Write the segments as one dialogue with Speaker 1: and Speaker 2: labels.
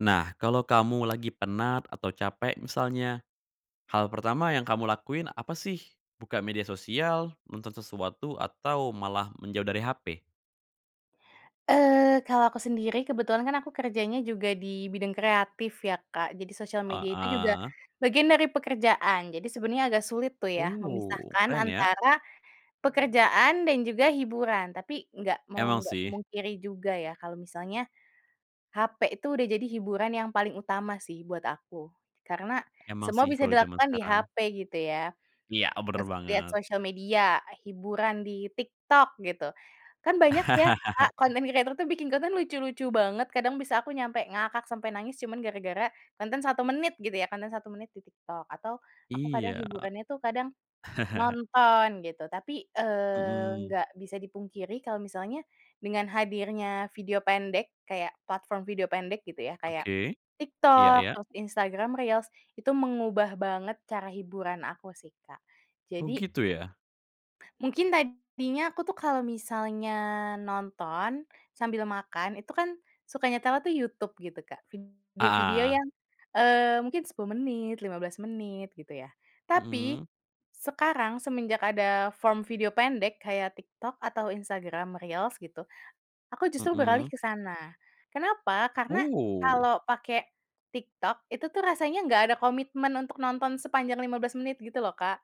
Speaker 1: Nah. Kalau kamu lagi penat atau capek misalnya hal pertama yang kamu lakuin apa sih buka media sosial, nonton sesuatu atau malah menjauh dari HP?
Speaker 2: Eee, kalau aku sendiri, kebetulan kan aku kerjanya juga di bidang kreatif ya Kak, jadi sosial media itu juga
Speaker 1: Heeh.
Speaker 2: bagian dari pekerjaan. Jadi sebenarnya agak sulit tuh ya
Speaker 1: Oh
Speaker 2: memisahkan
Speaker 1: keren ya.
Speaker 2: antara pekerjaan dan juga hiburan, tapi nggak mau
Speaker 1: Emang
Speaker 2: nggak
Speaker 1: sih.
Speaker 2: memungkiri juga ya, kalau misalnya HP itu sudah jadi hiburan yang paling utama sih buat aku, karena
Speaker 1: Emang
Speaker 2: semua
Speaker 1: sih
Speaker 2: bisa
Speaker 1: kalau zaman
Speaker 2: dilakukan di
Speaker 1: sekarang.
Speaker 2: HP gitu ya.
Speaker 1: Iya, bener
Speaker 2: Mas lihat
Speaker 1: banget.
Speaker 2: sosial media, hiburan di TikTok gitu, kan banyak ya Kak, konten kreator tuh bikin konten lucu-lucu banget, kadang bisa aku nyampe ngakak sampai nangis cuman gara-gara konten 1 menit gitu ya, konten 1 menit di TikTok, atau aku kadang
Speaker 1: Iya.
Speaker 2: hiburannya itu kadang nonton gitu. Tapi, eee,
Speaker 1: Mhm.
Speaker 2: nggak bisa dipungkiri kalau misalnya dengan hadirnya video pendek kayak, platform video pendek gitu ya kayak
Speaker 1: Oke. Iya
Speaker 2: TikTok,
Speaker 1: iya.
Speaker 2: terus Instagram Reels, itu mengubah banget cara hiburan aku sih, Kak,
Speaker 1: Oh
Speaker 2: jadi
Speaker 1: gitu ya?
Speaker 2: Mungkin tadinya aku tuh kalau misalnya nonton sambil makan, itu kan suka nyetelnya tuh YouTube gitu, Kak,
Speaker 1: Ah
Speaker 2: video-video
Speaker 1: hah.
Speaker 2: yang, eee, mungkin 10 menit, 15 menit, gitu ya. Tapi,
Speaker 1: Mhm.
Speaker 2: sekarang semenjak ada form video pendek kayak TikTok atau Instagram Reels gitu, aku justru beralih
Speaker 1: Mhm.
Speaker 2: ke sana, kenapa? Karena
Speaker 1: Oh.
Speaker 2: kalau pake TikTok, itu tuh rasanya nggak ada komitmen untuk nonton sepanjang 15 menit gitu loh, Kak.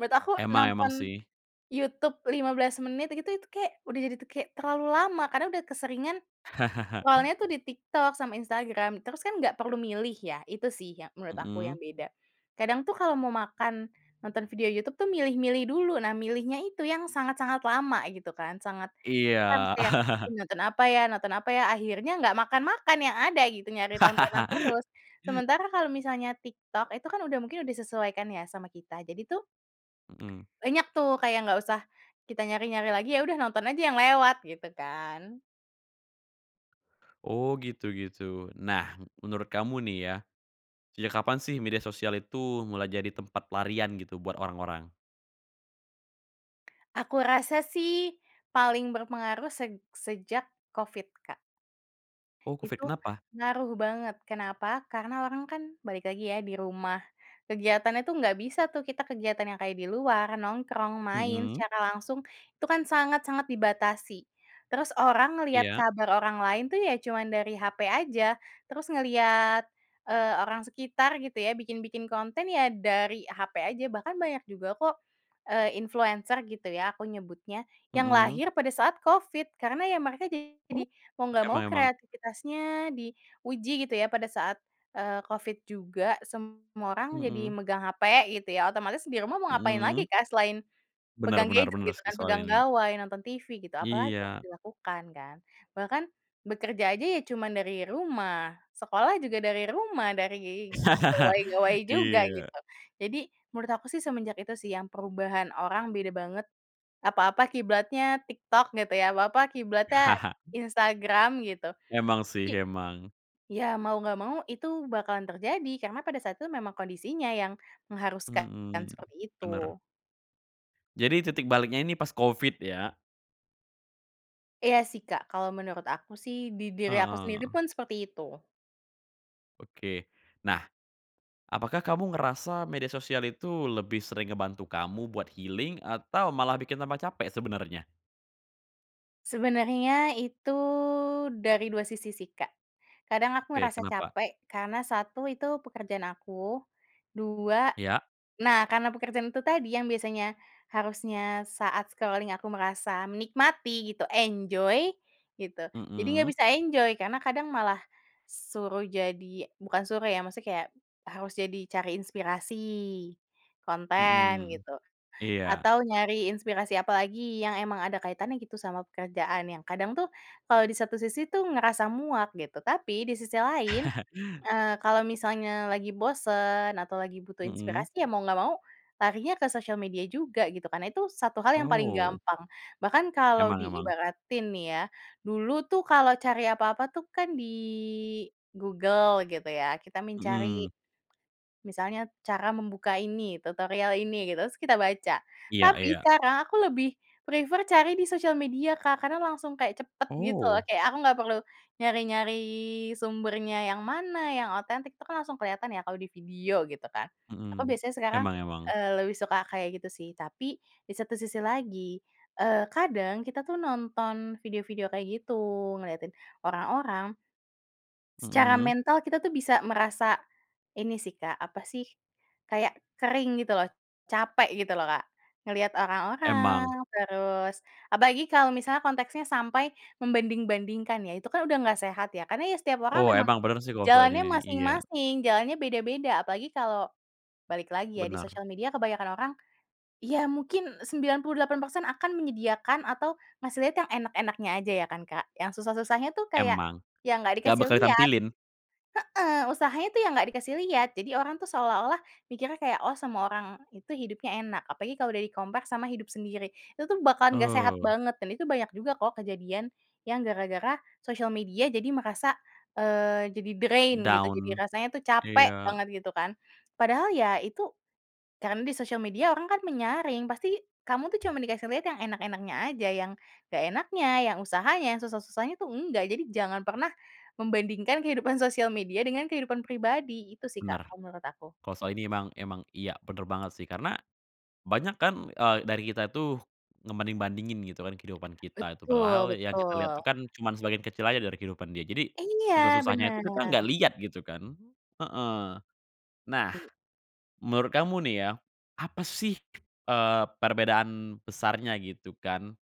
Speaker 2: Menurut aku
Speaker 1: Emang emang
Speaker 2: nonton
Speaker 1: sih.
Speaker 2: YouTube 15 menit gitu, itu kayak udah jadi tuh kayak terlalu lama karena udah keseringan lawannya tuh di TikTok sama Instagram, terus kan nggak perlu milih ya, itu sih ya menurut aku yang
Speaker 1: Mhm.
Speaker 2: beda. Kadang tuh kalau mau makan, nonton video YouTube tuh milih-milih dulu, nah milihnya itu yang sangat sangat lama gitu kan. Sangat,
Speaker 1: Iya.
Speaker 2: kurang sih ya, Ih nonton apa ya nonton apa ya? Akhirnya nggak makan-makan yang ada gitu, nyari tontonan terus. Sementara kalau misalnya TikTok, itu kan udah mungkin udah sesuaikan ya sama kita, jadi tuh
Speaker 1: Mhm.
Speaker 2: banyak tuh, kayak nggak usah kita nyari-nyari lagi, ya udah nonton aja yang lewat, gitu kan.
Speaker 1: Oh, gitu gitu. Nah, menurut kamu nih ya, sejak kapan sih media sosial itu mulai jadi tempat pelarian gitu buat orang-orang?
Speaker 2: Aku rasa sih paling berpengaruh seg sejak Covid, Kak.
Speaker 1: Oh, Covid,
Speaker 2: Itu
Speaker 1: kenapa?
Speaker 2: ngaruh banget. Kenapa? Karena orang kan balik lagi ya di rumah. Kegiatannya tuh enggak bisa tuh kita kegiatan yang kayak di luar, nongkrong, main
Speaker 1: Hmm.
Speaker 2: secara langsung. Itu kan sangat-sangat dibatasi. Terus orang ngelihat
Speaker 1: Iya.
Speaker 2: kabar orang lain itu ya cuma dari hape aja, terus ngelihat, eee, orang sekitar gitu ya, bikin-bikin konten ya dari hape aja, bahkan banyak juga kok, eee, influencer gitu ya aku nyebutnya, yang
Speaker 1: Mmm.
Speaker 2: lahir pada saat Covid, karena ya mereka
Speaker 1: Oh,
Speaker 2: jadi mau enggak mau
Speaker 1: emang emang.
Speaker 2: kreatifitasnya diuji gitu ya pada saat, eee, Covid juga. Semua orang jadi
Speaker 1: Hmm.
Speaker 2: megang hape gitu ya. Otomatis di rumah mau ngapain lagi,
Speaker 1: Hmm.
Speaker 2: Kak, selain
Speaker 1: Benar
Speaker 2: pegang
Speaker 1: benar
Speaker 2: gadget
Speaker 1: benar
Speaker 2: gitu
Speaker 1: sih
Speaker 2: kan,
Speaker 1: soal
Speaker 2: pegang
Speaker 1: ini.
Speaker 2: gawai, nonton TV gitu, apalagi yang
Speaker 1: Iya.
Speaker 2: dilakukan kan. Bahkan bekerja aja ya cuma dari rumah. Sekolah juga dari rumah, dari gawai-gawai juga
Speaker 1: Iya.
Speaker 2: gitu. Jadi, menurut aku sih semenjak itu sih yang perubahan orang beda banget. Apa-apa kiblatnya TikTok gitu ya, apa-apa kiblatnya Instagram gitu.
Speaker 1: Emang sih,
Speaker 2: Jadi
Speaker 1: emang.
Speaker 2: iya mau enggak mau, itu bakalan terjadi karena pada saat itu memang kondisinya yang mengharuskan kan
Speaker 1: Mhm,
Speaker 2: seperti
Speaker 1: benar.
Speaker 2: itu.
Speaker 1: Jadi titik baliknya ini pas COVID ya?
Speaker 2: Iya sih, Kak, kalau menurut aku sih, di diri aku sendiri
Speaker 1: Heeh.
Speaker 2: pun seperti itu.
Speaker 1: Oke. Nah. Apakah kamu ngerasa media sosial itu lebih sering ngebantu kamu buat healing atau malah bikin tanpa capek sebenarnya?
Speaker 2: Sebenarnya itu dari 2 sisi sih, Kak. Kadang aku
Speaker 1: Oke.
Speaker 2: merasa
Speaker 1: Kenapa?
Speaker 2: capek, karena 1 itu pekerjaan aku. 2
Speaker 1: Iya.
Speaker 2: nah, karena pekerjaan itu tadi yang biasanya harusnya saat scrolling aku merasa menikmati gitu, enjoy gitu, jadi nggak
Speaker 1: Mhm.
Speaker 2: bisa enjoy karena kadang malah suruh jadi bukan suruh ya maksudnya kayak harus jadi cari inspirasi konten
Speaker 1: Mhm.
Speaker 2: gitu,
Speaker 1: Iya.
Speaker 2: atau nyari inspirasi apalagi yang emang ada kaitannya gitu sama pekerjaan yang kadang tuh kalau di satu sisi itu ngerasa muak gitu. Tapi di sisi lain, eee, kalau misalnya lagi bosan atau lagi butuh
Speaker 1: Mhm.
Speaker 2: inspirasi, ya mau nggak mau larinya ke sosial media juga gitu kan, itu satu hal yang paling
Speaker 1: Oh.
Speaker 2: gampang. Bahkan kalau
Speaker 1: Emang emang.
Speaker 2: diibaratin nih ya, dulu tuh kalau cari apa-apa tuh kan di Google gitu ya kita mencari,
Speaker 1: Mhm.
Speaker 2: misalnya cara membuka ini, tutorial ini gitu, terus kita baca.
Speaker 1: Iya
Speaker 2: Tapi
Speaker 1: iya.
Speaker 2: sekarang aku lebih prefer cari di sosial media Kak, karena langsung kayak cepat gitu loh.
Speaker 1: Oh.
Speaker 2: Kayak aku nggak perlu nyari-nyari sumbernya yang mana, yang otentik, itu kan langsung kelihatan ya kalau di video gitu kan. Aku
Speaker 1: Mmm.
Speaker 2: biasanya sekarang,
Speaker 1: Emang emang.
Speaker 2: eee, lebih suka kayak gitu sih, tapi di satu sisi lagi, eee, kadang kita tuh nonton video-video kayak gitu, ngelihatin orang-orang secara
Speaker 1: Mhm.
Speaker 2: mental kita itu bisa merasa ini sih Kak, apa sih, kayak kering gitu loh, capek gitu loh, Kak. Ngelihat orang-orang
Speaker 1: Emang.
Speaker 2: terus apalagi kalau misalnya konteksnya sampai membanding-bandingkan ya, itu kan sudah nggak sehat ya, karena ya setiap orang
Speaker 1: Oh,
Speaker 2: memang
Speaker 1: emang bener sih kalau selain
Speaker 2: jalannya
Speaker 1: ini, iya.
Speaker 2: masing-masing, jalannya beda-beda, apalagi kalau balik lagi ya di
Speaker 1: Benar.
Speaker 2: sosial media kebanyakan orang, ya mungkin 98% akan menyediakan atau ngasih lihat yang enak-enaknya saja ya kan Kak, yang susah-susahnya tuh kayak,
Speaker 1: Emang,
Speaker 2: ya enggak
Speaker 1: nggak
Speaker 2: dikasih
Speaker 1: bakal
Speaker 2: lihat.
Speaker 1: ditampilin.
Speaker 2: Heeh, usahanya tuh yang nggak dikasih lihat, jadi orang itu seolah-olah mikirnya kayak, "Oh semua orang itu hidupnya enak," apalagi kalau udah di compare sama hidup sendiri. Itu tuh bakalan nggak sehat
Speaker 1: Oh.
Speaker 2: banget dan itu banyak juga kok kejadian yang gara-gara sosial media jadi merasa, eee, jadi drain, gitu. Jadi
Speaker 1: Down.
Speaker 2: rasanya tuh capek
Speaker 1: Iya.
Speaker 2: banget gitu kan, padahal ya itu karena di sosial media orang kan menyaring, pasti kamu tuh cuma dikasih lihat yang enak-enaknya aja, yang enggak enaknya, yang usahanya, yang susah-susahnya tuh enggak. Jadi jangan pernah membandingkan kehidupan sosial media dengan kehidupan pribadi, itu sih Kak
Speaker 1: Benar,
Speaker 2: kalau menurut aku.
Speaker 1: kalau soal ini emang emang iya benar banget sih karena banyak kan, eee, dari kita tuh ngebanding-bandingin gitu kan kehidupan kita tuh,
Speaker 2: Betul
Speaker 1: padahal yang kita lihat
Speaker 2: betul.
Speaker 1: itu kan cuman sebagian kecil aja dari kehidupan dia. Jadi
Speaker 2: Iya
Speaker 1: susah-susahnya itu
Speaker 2: benar.
Speaker 1: kita nggak lihat gitu kan, heeh. Nah menurut kamu nih ya apa sih, eee, perbedaan besarnya gitu kan,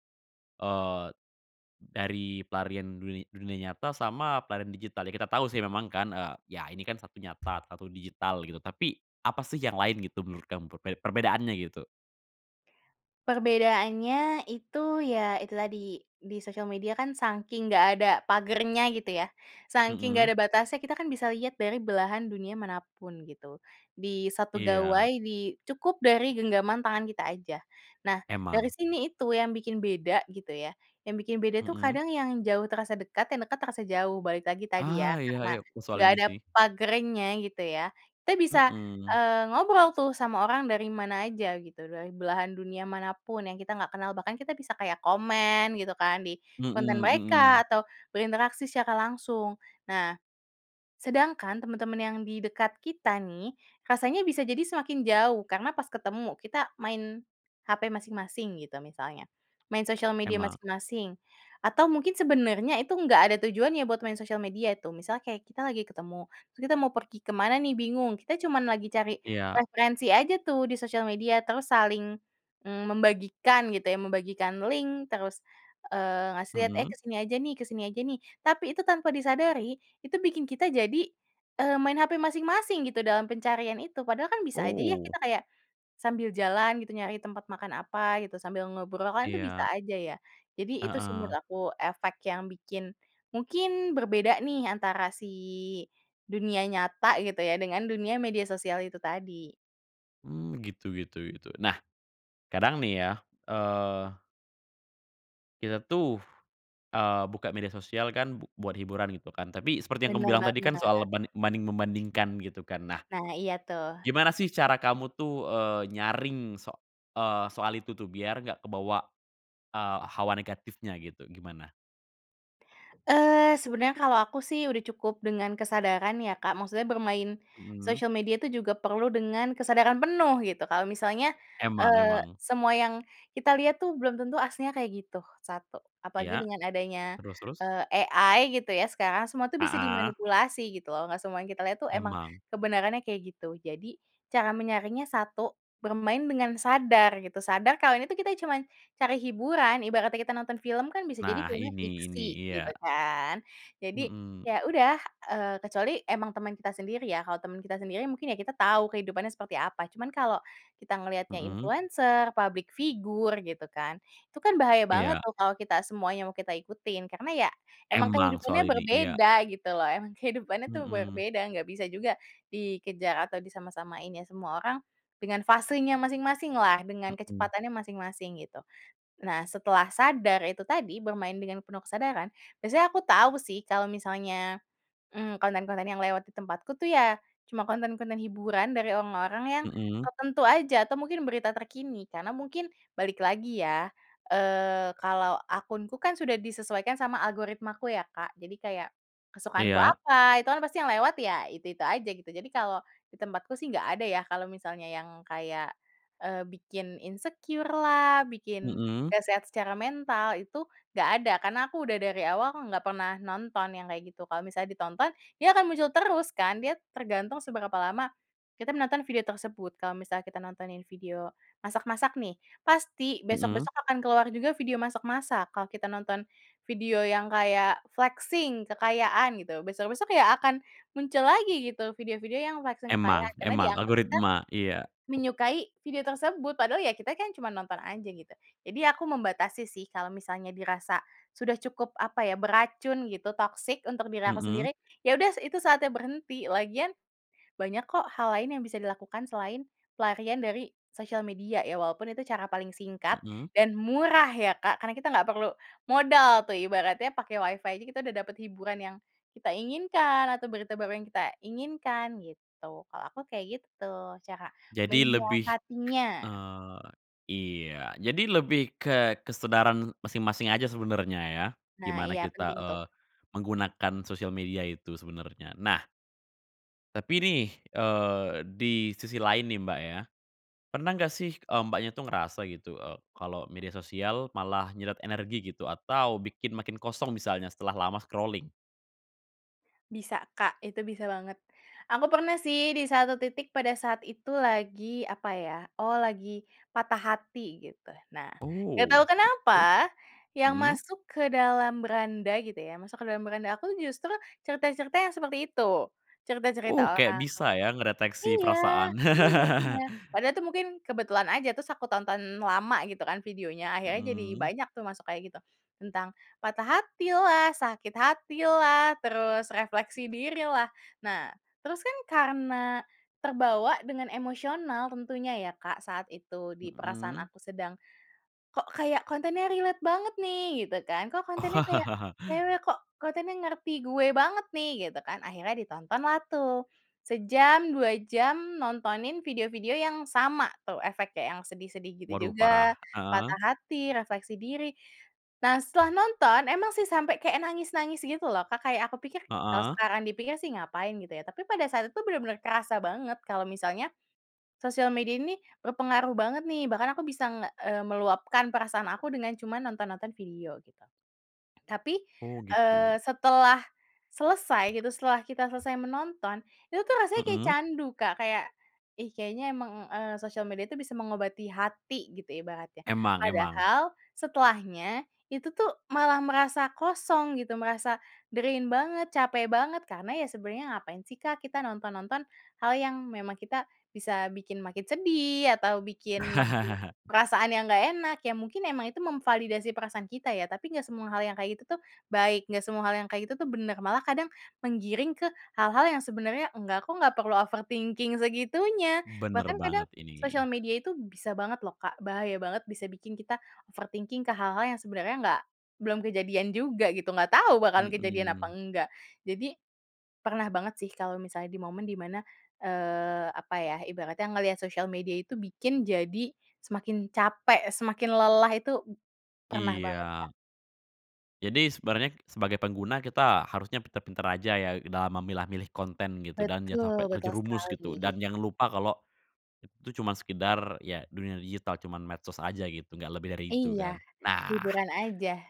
Speaker 1: eee, dari pelarian duni dunia nyata sama pelarian digital? Ya kita tahu sih memang kan, eee, ya ini kan 1 nyata, 1 digital gitu, tapi apa sih yang lain gitu menurut kamu perbe perbedaannya gitu?
Speaker 2: Perbedaannya itu ya itu tadi, di sosial media kan sangking enggak ada pagernya gitu ya, sangking enggak
Speaker 1: Hmm.
Speaker 2: ada batasnya, kita kan bisa lihat dari belahan dunia manapun gitu. Di 1
Speaker 1: Iya.
Speaker 2: gawai, di cukup dari genggaman tangan kita aja. Nah, dari
Speaker 1: Emang.
Speaker 2: sini itu yang bikin beda gitu ya, yang bikin beda tuh
Speaker 1: Heeh.
Speaker 2: kadang yang jauh, terasa dekat; yang dekat, terasa jauh. Balik lagi tadi
Speaker 1: Ah.
Speaker 2: ya, karena
Speaker 1: Iya-iya, oke soal
Speaker 2: enggak
Speaker 1: ini
Speaker 2: ada
Speaker 1: sih.
Speaker 2: pagernya gitu ya. Kita bisa,
Speaker 1: Heeh.
Speaker 2: eee, ngobrol tuh sama orang dari mana aja gitu, dari belahan dunia manapun yang kita enggak kenal bahkan kita bisa kayak komen gitu kan, di
Speaker 1: Hmm,
Speaker 2: konten mereka
Speaker 1: mmm.
Speaker 2: atau berinteraksi secara langsung. Nah, sedangkan teman-teman yang di dekat kita nih, rasanya bisa jadi semakin jauh karena pas ketemu, kita main hape masing-masing gitu misalnya. Main sosial media
Speaker 1: Emang
Speaker 2: masing-masing atau mungkin sebenarnya itu enggak ada tujuannya buat main sosial media itu. Misalnya kayak kita lagi ketemu, terus kita mau pergi kemana nih, bingung. Kita cuma lagi cari
Speaker 1: Iya.
Speaker 2: referensi aja tuh di sosial media, terus saling, mmm, membagikan gitu ya, membagikan link terus, eee, ngasih lihat, "Eh,
Speaker 1: Mmm.
Speaker 2: kesini aja nih kesini aja nih." Tapi itu tanpa disadari, itu bikin kita jadi, eee, main hape masing-masing gitu dalam pencarian itu. Padahal kan bisa aja ya
Speaker 1: Oh.
Speaker 2: kita kayak sambil jalan gitu, nyari tempat makan apa gitu, sambil ngobrol kan itu bisa
Speaker 1: Iya.
Speaker 2: aja ya. Jadi itu sih menurut
Speaker 1: Eh.
Speaker 2: aku efek yang bikin, mungkin berbeda nih antara si dunia nyata gitu ya dengan dunia media sosial itu tadi.
Speaker 1: Mmm, gitu gitu gitu nah, kadang nih ya, eee. Kita tuh, eee, buka media sosial kan b buat hiburan gitu kan? Tapi seperti yang kamu
Speaker 2: Bener
Speaker 1: bilang tadi kan soal
Speaker 2: banget.
Speaker 1: banding membandingkan gitu kan nah.
Speaker 2: Nah iya tuh.
Speaker 1: Gimana sih cara kamu tuh, eee, nyaring so eee, soal itu tuh biar nggak kebawa, eee, hawa negatifnya gitu gimana?
Speaker 2: Eee, sebenernya kalau aku sih udah cukup dengan kesadaran ya Kak maksudnya bermain,
Speaker 1: Mhm.
Speaker 2: sosial media itu juga perlu dengan kesadaran penuh gitu kalau misalnya,
Speaker 1: Emang
Speaker 2: eee,
Speaker 1: emang.
Speaker 2: semua yang kita lihat tuh belum tentu aslinya kayak gitu, satu apalagi
Speaker 1: Iya,
Speaker 2: dengan adanya,
Speaker 1: terus terus?
Speaker 2: eee, AI gitu ya sekarang semua itu bisa
Speaker 1: Heeh.
Speaker 2: dimanipulasi gitu loh nggak semua yang kita lihat itu emang,
Speaker 1: Emang.
Speaker 2: kebenarannya kayak gitu jadi, cara menyaringnya satu, bermain dengan sadar gitu sadar kalau ini itu kita cuman, cari hiburan ibaratnya kita nonton film kan bisa jadi
Speaker 1: Nah
Speaker 2: filmnya
Speaker 1: ini ini
Speaker 2: fiksi gitu
Speaker 1: iya.
Speaker 2: kan jadi
Speaker 1: Mhm.
Speaker 2: ya udah, eee, kecuali emang teman kita sendiri ya kalau teman kita sendiri mungkin ya kita tahu kehidupannya seperti apa cuman kalo, kita ngelihatnya
Speaker 1: Mhm.
Speaker 2: influencer, public figure gitu kan, itu kan bahaya banget
Speaker 1: Iya.
Speaker 2: tuh kalau kita semuanya mau kita ikutin karena ya, emang
Speaker 1: Emang
Speaker 2: kehidupannya
Speaker 1: soal ini iya.
Speaker 2: berbeda gitu loh emang kehidupannya itu
Speaker 1: Mhm.
Speaker 2: berbeda enggak bisa juga, dikejar atau disama-samain ya semua orang, dengan fasenya masing-masinglah dengan
Speaker 1: Mhm.
Speaker 2: kecepatannya masing-masing gitu. Nah setelah sadar itu tadi bermain dengan penuh kesadaran biasanya aku tahu sih kalau misalnya, mmm, konten-konten yang lewat di tempatku tuh ya, cuma konten-konten hiburan dari orang-orang yang,
Speaker 1: Mhm.
Speaker 2: tertentu aja atau mungkin berita terkini karena mungkin balik lagi ya, eee, kalau akunku kan sudah disesuaikan sama algoritmaku ya Kak jadi kayak, kesukaanku
Speaker 1: Iya.
Speaker 2: apa itu kan pasti yang lewat ya itu-itu aja gitu jadi kalau, di tempatku sih nggak ada ya kalau misalnya yang kayak, eee, bikin insecure, lah bikin
Speaker 1: Mhm.
Speaker 2: gak sehat secara mental itu enggak ada karena aku sudah dari awal enggak pernah nonton yang kayak gitu kalau misalnya ditonton dia akan muncul terus kan dia tergantung seberapa lama, kita menonton video tersebut kalau misalnya kita nontonin video, masak masak nih pasti besok
Speaker 1: Mhm.
Speaker 2: besok akan keluar juga video masak masak kalau kita nonton, video yang kayak flexing kekayaan gitu besok-besok ya akan muncul lagi gitu video video yang flexing
Speaker 1: Emang
Speaker 2: kekayaan karena
Speaker 1: emang
Speaker 2: dianggap kan,
Speaker 1: algoritma iya.
Speaker 2: menyukai video tersebut padahal ya kita kan cuma nonton aja gitu. Jadi aku membatasi sih kalau misalnya dirasa, sudah cukup apa ya beracun gitu toksik untuk diri aku
Speaker 1: Mhm.
Speaker 2: sendiri, ya udah itu saatnya berhenti lagian, banyak kok hal lain yang bisa dilakukan selain, pelarian dari sosial media ya walaupun itu cara paling singkat
Speaker 1: Mhm.
Speaker 2: dan murah ya Kak karena kita enggak perlu modal tuh ibaratnya pakai Wi-Fi aja kita udah dapat hiburan yang, kita inginkan atau berita baru yang kita inginkan gitu kalau aku kayak gitu tuh cara
Speaker 1: Jadi lebih, k
Speaker 2: menyiasatinya.
Speaker 1: eee, iya jadi lebih ke kesadaran masing-masing aja sebenernya ya?
Speaker 2: Nah
Speaker 1: Gimana
Speaker 2: iya
Speaker 1: kita,
Speaker 2: penting tuh.
Speaker 1: eee, menggunakan sosial media itu sebenernya nah. Tapi nih, eee, di sisi lain nih, Mbak, ya, pernah enggak sih, eee, Mbaknya itu ngerasa gitu, eee, kalo media sosial malah nyedot energi gitu? Atau bikin makin kosong misalnya setelah lama scrolling?
Speaker 2: Bisa, Kak, itu bisa banget. Aku pernah sih di satu titik pada saat itu lagi, apa ya, oh lagi patah hati gitu. Nah, enggak tahu
Speaker 1: Oh, terus?
Speaker 2: kenapa yang
Speaker 1: Mhm.
Speaker 2: masuk ke dalam beranda gitu ya, masuk ke dalam beranda aku tuh justru cerita-cerita yang seperti itu. Cerita-cerita
Speaker 1: Uh, kayak
Speaker 2: orang
Speaker 1: bisa ya
Speaker 2: yang
Speaker 1: ngedeteksi
Speaker 2: iya,
Speaker 1: perasaan?
Speaker 2: benar benar. Padahal itu mungkin kebetulan aja, terus aku tonton lama gitu kan videonya, akhirnya jadi
Speaker 1: Mhm.
Speaker 2: banyak tuh masuk kayak gitu. Tentang patah hatilah, sakit hatilah, terus refleksi dirilah. Nah, terus kan karena terbawa dengan emosional tentunya ya, Kak, saat itu di perasaan
Speaker 1: Mhm.
Speaker 2: aku sedang, "Kok kayak kontennya relate banget nih," gitu kan, "kok kontennya kayak
Speaker 1: Oh.
Speaker 2: cewek, kok kontennya ngerti gue banget nih." Gitu kan, akhirnya ditontonlah tuh. Sejam, 2 jam nontonin video-video yang sama tuh efeknya, yang sedih-sedih gitu
Speaker 1: Waduh
Speaker 2: juga,
Speaker 1: parah. Heeh.
Speaker 2: patah hati, refleksi diri. Nah, setelah nonton, emang sih sampai kayak nangis-nangis gitu loh, Kak, kayak aku pikir kalau
Speaker 1: Heeh.
Speaker 2: sekarang dipikir sih ngapain gitu ya, tapi pada saat itu benar-benar kerasa banget kalau misalnya, sosial media ini nih berpengaruh banget nih. Bahkan aku bisa nge eee, meluapkan perasaan aku dengan cuma nonton-nonton video gitu, tapi,
Speaker 1: Oh, gitu.
Speaker 2: eee, setelah selesai gitu, setelah kita selesai menonton, itu tuh rasanya kayak
Speaker 1: Mmm.
Speaker 2: candu, Kak. Kayak, "Ih, kayaknya emang," eee, "sosial media itu bisa mengobati hati." Gitu ibaratnya.
Speaker 1: Emang emang.
Speaker 2: Padahal setelahnya, itu tuh malah merasa kosong gitu, merasa drain banget, capek banget karena ya sebenarnya ngapain sih, Kak, kita nonton-nonton hal yang memang kita bisa bikin makin sedih atau bikin makin perasaan yang enggak enak. Iya mungkin emang itu memvalidasi perasaan kita ya, tapi enggak semua hal yang kayak gitu tuh baik, enggak semua hal yang kayak gitu tuh benar. Malah kadang menggiring ke hal-hal yang sebenarnya, "Enggak kok, enggak perlu overthinking segitunya."
Speaker 1: Benar
Speaker 2: Bahkan kadang
Speaker 1: banget ini.
Speaker 2: sosial media itu bisa banget loh, Kak, bahaya banget bisa bikin kita overthinking ke hal-hal yang sebenarnya enggak belum kejadian juga gitu, enggak tahu bahkan kejadian apa
Speaker 1: Mhm.
Speaker 2: enggak. Jadi, pernah banget sih kalau misalnya di momen di mana, eee, apa ya, ibaratnya ngelihat sosial media itu bikin jadi semakin capek, semakin lelah itu pernah banget, Kak.
Speaker 1: Iya. Jadi, sebenarnya sebagai pengguna kita harusnya pinter-pinter aja ya dalam memilah milih konten gitu dan jangan
Speaker 2: Betul
Speaker 1: sampai
Speaker 2: betul
Speaker 1: terjerumus
Speaker 2: sekali.
Speaker 1: gitu, dan jangan lupa kalau itu cuman sekedar ya dunia digital, cuman medsos aja gitu nggak lebih dari itu
Speaker 2: Iya,
Speaker 1: kan. Nah
Speaker 2: hiburan aja.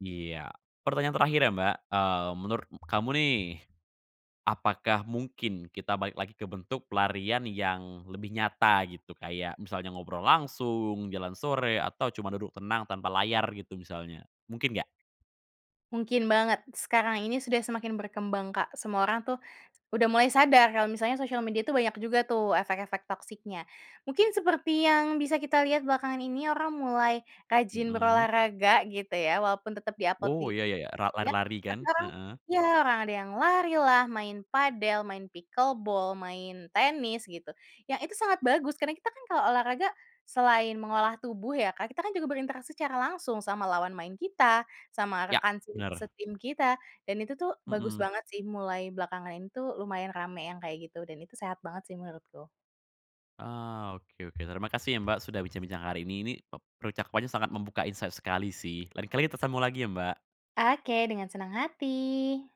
Speaker 1: Iya, pertanyaan terakhir ya, Mbak. Mmm, menurut m kamu nih, apakah mungkin kita balik lagi ke bentuk pelarian yang lebih nyata gitu, kayak misalnya ngobrol langsung, jalan sore, atau cuma duduk tenang tanpa layar gitu misalnya, mungkin nggak?
Speaker 2: Mungkin banget, sekarang ini sudah semakin berkembang, Kak. Semua orang tuh udah mulai sadar, kalau misalnya sosial media itu banyak juga tuh efek-efek toksiknya. Mungkin seperti yang bisa kita lihat belakangan ini, orang mulai rajin
Speaker 1: Mhm.
Speaker 2: berolahraga gitu ya walaupun tetap di upload di
Speaker 1: Oh, ya ya ya, ra
Speaker 2: ya?
Speaker 1: lari-lari kan?
Speaker 2: Tapi orang
Speaker 1: Heeh.
Speaker 2: ya orang ada yang larilah, main padel, main pickle ball, main tenis, gitu. Yang itu sangat bagus karena kita kan kalau olahraga selain mengolah tubuh ya Kak, kita kan juga berinteraksi secara langsung sama lawan main kita, sama
Speaker 1: Ya,
Speaker 2: rekan se
Speaker 1: bener.
Speaker 2: setim kita, dan itu tuh bagus
Speaker 1: Mhm.
Speaker 2: banget sih. Mulai belakangan ini tuh lumayan ramai yang kayak gitu dan itu sehat banget sih menurutku.
Speaker 1: Eee, oke oke. Terima kasih ya Mbak sudah bincang-bincang hari ini, nih ep percakapannya sangat membuka insight sekali sih. Lain kali kita ketemu lagi ya, Mbak.
Speaker 2: Oke, dengan senang hati.